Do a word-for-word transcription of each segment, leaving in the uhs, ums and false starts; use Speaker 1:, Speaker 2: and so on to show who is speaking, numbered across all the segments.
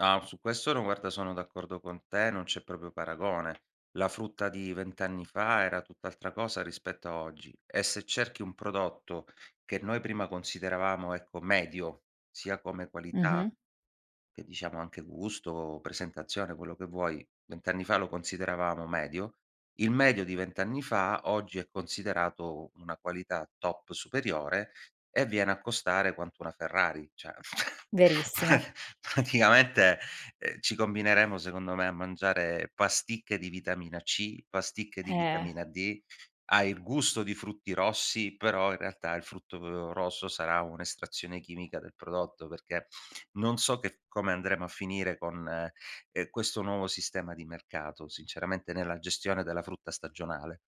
Speaker 1: No, su questo no, guarda sono d'accordo con te, non c'è proprio paragone. La frutta di vent anni fa era tutt'altra cosa rispetto a oggi. E se cerchi un prodotto che noi prima consideravamo, ecco, medio, sia come qualità
Speaker 2: Mh-mh.
Speaker 1: che diciamo anche gusto, presentazione, quello che vuoi, vent anni fa lo consideravamo medio. Il medio di vent anni fa oggi è considerato u una qualità top superiore e viene a costare quanto una Ferrari. Cioè pra
Speaker 2: Verissimo.
Speaker 1: praticamente, ehm, ci combineremo secondo me a mangiare pasticche di vitamina C, pasticche di
Speaker 2: Eh.
Speaker 1: vitamina D, ha il gusto di frutti rossi, però in realtà il frutto, uhm, rosso sarà un'estrazione chimica del prodotto, perché non so che come andremo a finire con, ehm, questo nuovo sistema di mercato, sinceramente nella gestione della frutta stagionale.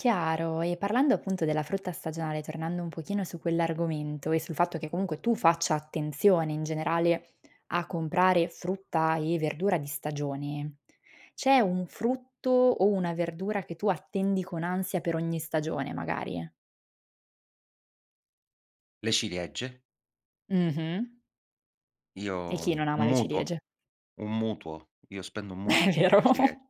Speaker 2: Chiaro, e parlando appunto della frutta stagionale, tornando un pochino su quell'argomento e sul fatto che comunque tu faccia attenzione in generale a comprare frutta e verdura di stagione, c'è un frutto o una verdura che tu attendi con ansia per ogni stagione magari?
Speaker 1: Le ciliegie.
Speaker 2: Mh-mh. E
Speaker 1: Io
Speaker 2: chi non ama
Speaker 1: un
Speaker 2: le
Speaker 1: mutuo,
Speaker 2: ciliegie?
Speaker 1: un mutuo. Io spendo un
Speaker 2: È
Speaker 1: mutuo per
Speaker 2: vero.
Speaker 1: le ciliegie.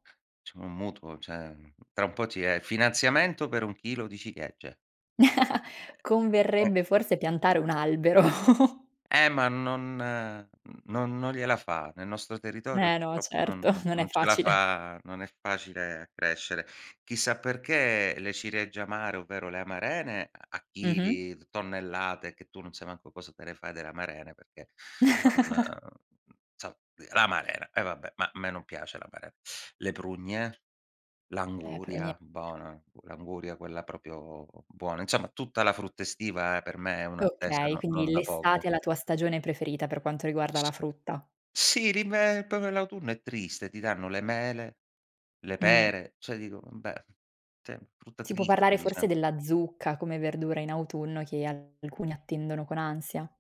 Speaker 1: [unintelligible] un mutuo, ceh, ehm, tra un po' ti è finanziamento per un chilo di ciliegie. Eh
Speaker 2: Converrebbe
Speaker 1: [unintelligible]
Speaker 2: forse piantare un albero.
Speaker 1: E ma non n non non gliela fa. Nel nostro territorio
Speaker 2: Eh no,
Speaker 1: purtroppo non
Speaker 2: certo,
Speaker 1: non
Speaker 2: non è
Speaker 1: non ce la
Speaker 2: facile.
Speaker 1: fa non è facile a crescere. Chissà perché le ciliegie amare, ovvero le amarene, a
Speaker 2: Mh-mh.
Speaker 1: chili, tonnellate, che tu non sai manco cosa te le fai delle amarene, perché non inso l'amarena, e vabbè, ma a me non piace l'amaren Le prugne,
Speaker 2: Eh, però nie
Speaker 1: l'anguria, bona, l'anguria quella propio buona Insomma tutta la frutta estiva per me è un'attesa
Speaker 2: Okay,
Speaker 1: no
Speaker 2: quindi
Speaker 1: non da poco.
Speaker 2: l'estate è la tua stagione preferita per quanto riguarda la
Speaker 1: S
Speaker 2: frutta.
Speaker 1: s sì, l'inve popio l'autunno è triste, ti danno le mele, le
Speaker 2: Mh.
Speaker 1: pere, cioè dico umbè, sì, frutta
Speaker 2: Sì può
Speaker 1: triste,
Speaker 2: parlare
Speaker 1: diciam
Speaker 2: forse della zucca come verdura in autunno che alcuni attendono con ansia.